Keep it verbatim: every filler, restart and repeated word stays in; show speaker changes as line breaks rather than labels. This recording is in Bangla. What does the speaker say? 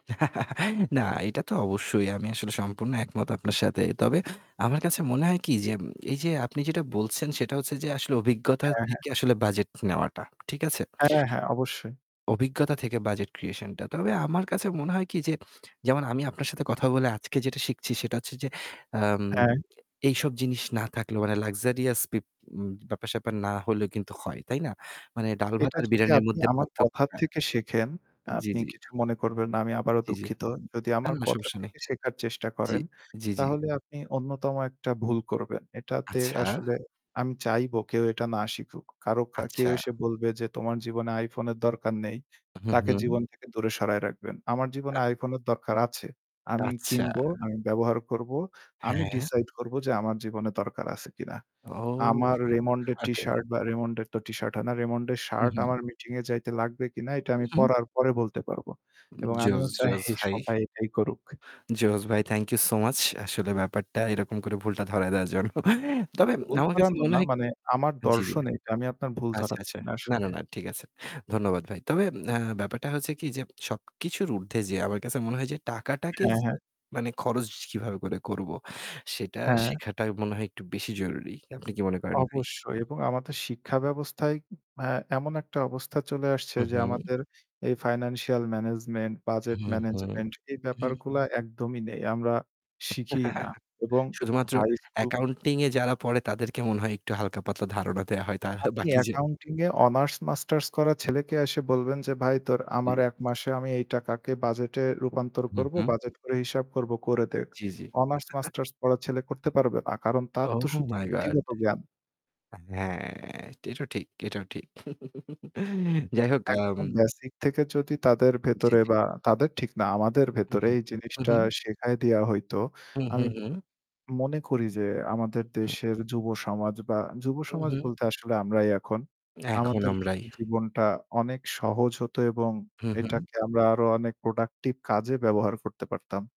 না, এটা তো অবশ্যই। আমি আসলে সম্পূর্ণ একমত আপনার সাথে। তবে আমার কাছে মনে হয় কি? যে এই যে আপনি যেটা বলছেন সেটা হচ্ছে যে আসলে অভিজ্ঞতা
হ্যাঁ, হ্যাঁ।
থেকে আসলে বাজেট নেওয়াটা। ঠিক আছে?
হ্যাঁ, হ্যাঁ অবশ্যই।
অভিজ্ঞতা থেকে বাজেট ক্রিয়েশন টা। তবে আমার কাছে মনে হয় কি যে, যেমন আমি আপনার সাথে কথা বলে আজকে যেটা শিখছি সেটা হচ্ছে যে আম
হ্যাঁ।
এইসব জিনিস না থাকলেও মানে লাক্সারিয়াস বিপ ব্যাপার-স্যাপার না হলেও কিন্তু হয়। তাই না? মানে ডাল ভাত
এটা
আর
যদি
বিরিয়ানির
আপনি
মধ্যে
আমার কথার
পার্থক্যটা।
থেকে শিখেন,
জ্বি,
আপনি
জ্বি।
কিছু মনে করবেন না। আমি আবারো
জ্বি, জ্বি।
দুঃখিত। যদি
না,
আমার
না
কথার
সমস্যা নাই।
থেকে শেখার চেষ্টা
জ্বি,
করেন।
জ্বি, জ্বি।
তাহলে আপনি অন্যতম একটা ভুল করবেন। এটাতে
আচ্ছা।
আসলে আমি চাইবো কেউ এটা না শিখুক। কারো কা কেউ
আচ্ছা।
এসে বলবে যে তোমার জীবনে আইফোনের দরকার নেই।
হু,
তাকে
হু।
জীবন থেকে দূরে সরায় রাখবেন। আমার জীবনে
আ
আইফোনের দরকার আছে। আমি
আচ্ছা।
কিনবো, আমি ব্যবহার করব। আমি
হ্যাঁ।
ডিসাইড করব যে আমার জীবনে দরকার আছে কিনা?
ও!
আমার রেমন্ডের টি
ওকে।
শার্ট বা রেমন্ডের তো টিশার্ট হয়না। রেমন্ডের
হু,
শার্ট
হু।
আমার মিটিং এ যাইতে লাগবে কিনা এটা আমি
হুম।
পড়ার পরে বলতে পারবো। এবং
জোশ
আমিও চাই
জোশ ভাই।
সবাই এটাই করুক।
জোস ভাই। Thank you so much. আসলে ব্যাপারটা এরকম করে ভুলটা ধরায় দেয়ার জন্য তবে
ভুল
আমার কাছে
ধরানো
মনে
না
হয়
মানে আমার
জ্বি, জ্বি।
দর্শনে এটা আমি আপনার ভুল
আচ্ছা,
ধরাচ্ছি
আচ্ছা।
না
না, না,
আসলে।
না। ঠিক আছে। ধন্যবাদ ভাই। তবে ব্যাপারটা হচ্ছে কি যে সবকিছুর উর্ধ্বে যে আমার কাছে মনে হয় যে টাকাটাকে
হ্যাঁ,
য
হ্যাঁ।
মানে খরচ কিভাবে করে করব সেটা
হ্যাঁ।
শেখাটা মনে হয় একটু বেশি জরুরি। আপনি কি মনে করেন ভাই?
অবশ্যই এবং আমাদের শিক্ষা ব্যবস্থায় আ এমন একটা অবস্থা চলে আসছে
হু,
যে
হু।
আমাদের এই ফাইন্যান্সিয়াল ম্যানেজমেন্ট, বাজেট
হু, হু,
ম্যানেজমেন্ট এই
হু।
ব্যাপারগুলা একদমই নেই। আমরা শিখিই না। এবং
শুধুমাত্র
হাই স্কুল
অ্যাকাউন্টিং এ যারা পড়ে তাদেরকে মনে হয় একটু হালকা পাতলা ধারণা দেয়া হয়। তার
আপনি
বাকি যে
অ্যাকাউন্টিং এ অনার্স মাস্টার্স করা ছেলেকে এসে বলবেন যে, "ভাই তোর
জ্বী।
আমার এক মাসে আমি এই টাকাকে বাজেটে রূপান্তর
হু,
করব।
হু।
বাজেট করে হিসাব করব করে দেখ।"
জ্বি, জ্বি।
অনার্স মাস্টার্স পড়া ছেলে করতে পারবে না। কারণ তার তো
Oh
শুধু
my God
পুথিগত জ্ঞান।
হ্যাঁ, এটাও ঠিক এটাও ঠিক যাই হোক, আম
একদম বেসিক থেকে যদি তাদের
জ্বী,
ভেতরে
জ্বী।
বা তাদের ঠিক না, আমাদের
হুম,
ভেতরে
হুম,
এই জিনিসটা
হুম।
শেখায় দেওয়া হইত।
হু, হু,
আমি
হু।
মনে করি যে আমাদের
হুম।
দেশের যুব সমাজ বা যুব
হুম,
সমাজ
হুম।
বলতে আসলে আমরাই এখন।
এখন
আমাদের
আমরাই।
ক্ষেত্রে জীবনটা অনেক সহজ হত এবং
হু, হু।
এটাকে আমরা আরো অনেক প্রোডাক্টিভ কাজে ব্যবহার করতে পারতাম।